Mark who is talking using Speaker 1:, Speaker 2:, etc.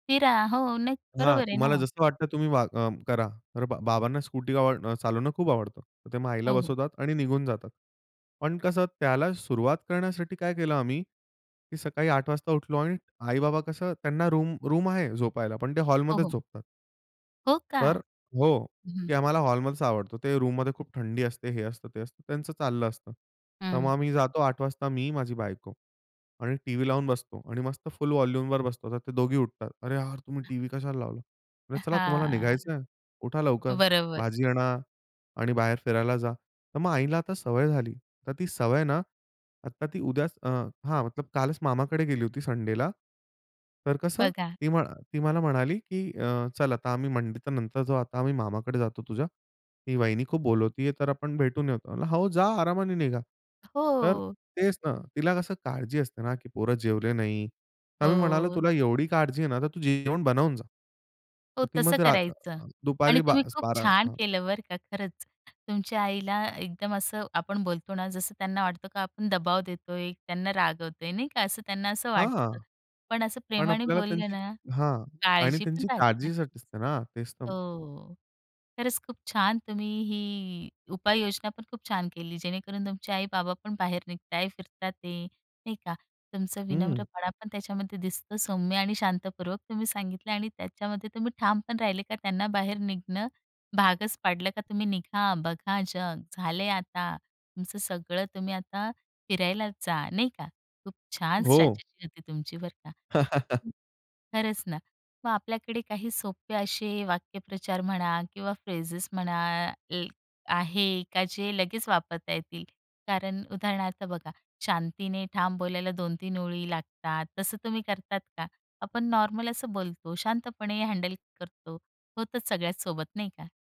Speaker 1: फिरा. हो, नाही,
Speaker 2: हां,
Speaker 1: बरोबर आहे ना
Speaker 2: तुम्हाला
Speaker 1: मग.
Speaker 2: जसं वाटतं तुम्ही वा अ, करा. तर बा बाबांना स्कूटी आ अ, चालवणं खूप आवडतं. तर ते मग आईला
Speaker 1: हो, हो.
Speaker 2: बसवतात आणि निघून जातात, पण कसं त्याला सुरुवात करण्यासाठी काय केलं आम्ही, की सकाळी 8:00 वाजता उठलो आणि आई-बाबा कसं त्यांना रूम रूम आहे झोपायला, पण ते
Speaker 1: हो,
Speaker 2: हॉलमध्येच
Speaker 1: हो.
Speaker 2: झोपतात.
Speaker 1: हो का.
Speaker 2: तर हो.
Speaker 1: हं, हं.
Speaker 2: की आम्हाला हॉलमध्येच आवडतो. ते रूममध्ये खूप थंडी असते, हे असतं, ते असतं, त्यांचं चाललं असतं. तर मग
Speaker 1: हं.
Speaker 2: आम्ही जातो 8:00 वाजता मी, माझी बायको. आणि टीव्ही लावून बसतो आणि मस्त फुल वॉल्यूमवर बसतो, तर ते दोघी उठतात. "अरे, यार तुम्ही टीव्ही कशाला लावला," म्हटलं, "चला, तुम्हाला
Speaker 1: हां,
Speaker 2: निघायचंय, उठा लवकर
Speaker 1: बरोबर.
Speaker 2: भाजी आणा आणि बाहेर फिरायला जा." तर मग आईला आता सवय झाली, तर ती सवय ना, आता ती उद्याच अ, हां. मतलब कालच मामाकडे गेली होती संडेला. तर कसं,
Speaker 1: बघा.
Speaker 2: ती म्ह ती मला म्हणाली, की अ, "चल, आता आम्ही मंडी तर नंतर जाऊ, आता आम्ही मामाकडे जातो तुझ्या, ती वाहिनी खूप बोलवतीये, तर आपण भेटून येतो." म्हणलं, "हो, जा आरामाने निघा." तर
Speaker 1: हो.
Speaker 2: तेच ना, तिला कसं काळजी असते ना, की पोरं जेवले नाही. तर मी म्हणालो,
Speaker 1: हो.
Speaker 2: "तुला एवढी काळजी आहे ना, तर तू जेवण बनवून जा."
Speaker 1: हो,
Speaker 2: ती
Speaker 1: तसं
Speaker 2: मग रा
Speaker 1: करायचं. आणि
Speaker 2: दुपारी बा
Speaker 1: तुम्ही खूप
Speaker 2: 12
Speaker 1: छान
Speaker 2: हां.
Speaker 1: केलं बरं का खरंच. तुमच्या आईला एकदम असं आपण बोलतो ना, जसं त्यांना वाटतो का आपण दबाव देतोय, त्यांना रागवतोय नाही का, असं त्यांना असं
Speaker 2: हां.
Speaker 1: वाटतं. पण असं
Speaker 2: पण
Speaker 1: प्रेमाने
Speaker 2: आपल्याला
Speaker 1: बोलले
Speaker 2: त्यांची
Speaker 1: ना,
Speaker 2: हां. आणि
Speaker 1: काळजी पण
Speaker 2: त्यांची
Speaker 1: राहते.
Speaker 2: काळजीसाठी असते ना, तेच तर म
Speaker 1: हो, खरंच खूप छान तुम्ही ही उपाययोजना पण खूप छान केली, जेणेकरून तुमचे आई-बाबा पण बाहेर निघत आहे, फिरतात आहे ते नाही का. तुमचं
Speaker 2: हं.
Speaker 1: विनम्रपणा पण त्याच्यामध्ये दिसतं सौम्य आणि शांतपूर्वक तुम्ही सांगितलं आणि त्याच्यामध्ये तुम्ही ठाम पण राहिले का त्यांना बाहेर निघणं भागच पाडलं, का तुम्ही निघा, बघा जग, झाले आता तुमचं सगळं. तुम्ही आता फिरायला जा, नाही का. खूप छान
Speaker 2: हो.
Speaker 1: स्ट्रॅटेजी होती तुमची बरं का. खरंच ना. मग आपल्याकडे काही सोपे असे वाक्यप्रचार म्हणा किंवा फ्रेजेस म्हणा ए आहे का जे लगेच वापरता येतील. कारण उदाहरणार्थ बघा, शांतीने ठाम बोलायला 2-3 ओळी लागतात. तसं तुम्ही करतात का, आपण नॉर्मल असं बोलतो शांतपणे हँडल करतो होतच सगळ्याचसोबत नाही का?